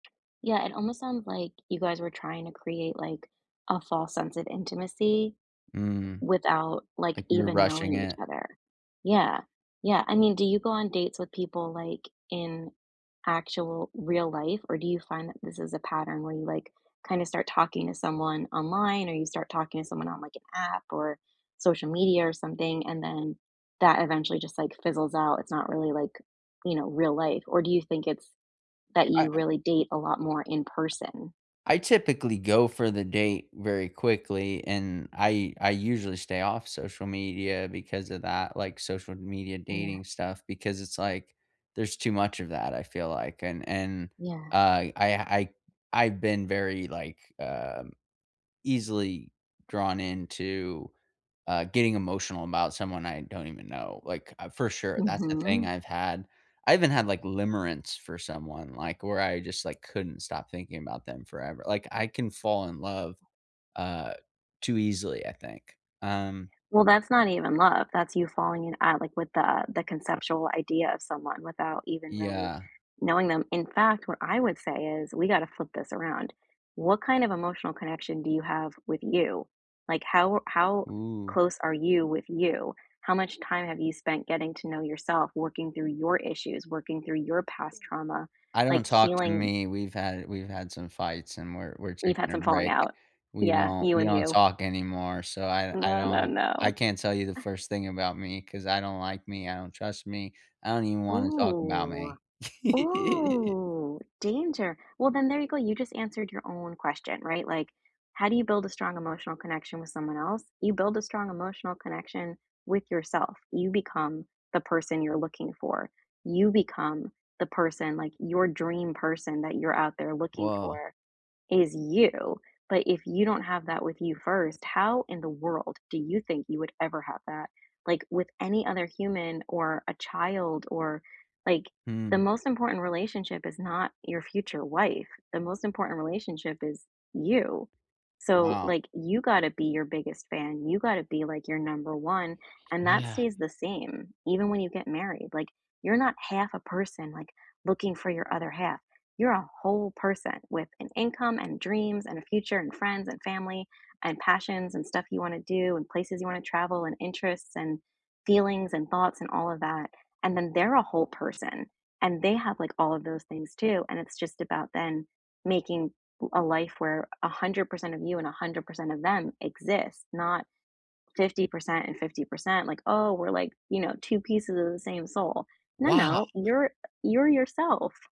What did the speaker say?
Yeah, it almost sounds like you guys were trying to create, like, a false sense of intimacy, Mm. without, like, Like, we were even rushing knowing each it. other. Yeah. Yeah. I mean, do you go on dates with people, like, in actual real life, or do you find that this is a pattern where you, like, kinda start talking to someone online or you start talking to someone on, like, an app or social media or something, and then that eventually just, like, fizzles out? It's not really, like, you know, real life, or do you think it's that I you really date a lot more in person? I typically go for the date very quickly, and I I usually stay off social media because of that, like, social media Yeah. dating stuff, because it's like, there's too much of that, I feel like, and and, Yeah. uh, I I I've been very, like, um, easily drawn into, uh, getting emotional about someone I don't even know. Like, for sure, that's the thing Mhm. I've had I even had, like, limerence for someone, like, where I just, like, couldn't stop thinking about them forever. Like, I can fall in love, uh, too easily, I think. Um Well, that's not even love, that's you falling in at like, with the the conceptual idea of someone without even really Yeah. knowing them. In fact, what I would say is we gotta flip this around: what kind of emotional connection do you have with you? Like, how how Ooh. close are you with you? How much time have you spent getting to know yourself working through your issues, working through your past trauma, I don't like talk to healing me, we've had we've had some fights and we're we're You've had taking a some falling break. out. We Yeah, don't you we and don't you. talk anymore. So I I No, no, don't I no. can't tell you the Ah first thing about me 'cause I don't like me, I don't trust me, I don't even wanna talk about Ooh. me. Ooh! Danger. Well, then there you go, you just answered your own question, right? Like, how do you build a strong emotional connection with someone else? You build a strong emotional connection with yourself. You become the person you're looking for. You become the person, like, your dream person that you're out there looking Whoa. for is you. But if you don't have that with you first, how in the world do you think you would ever have that like, with any other human or a child? Or, like the Mm. most important relationship is not your future wife: the most important relationship is you. So, Wow. like, you gotta be your biggest fan, you gotta be, like, your number 1, and that Yeah. stays the same, even when you get married. Like, you're not half a person, like, looking for your other half, you're a whole person with an income and dreams and a future and friends and family and passions and stuff you wanna do and places you wanna travel and interests and feelings and thoughts and all of that. And then they're a whole person and they have, like, all of those things, too, and it's just about then making a life where 100% of you and 100% of them exists, not 50% and 50% like, "Oh, we're like, you know, 2 pieces of the same soul." No, Wow. no. You're you're yourself.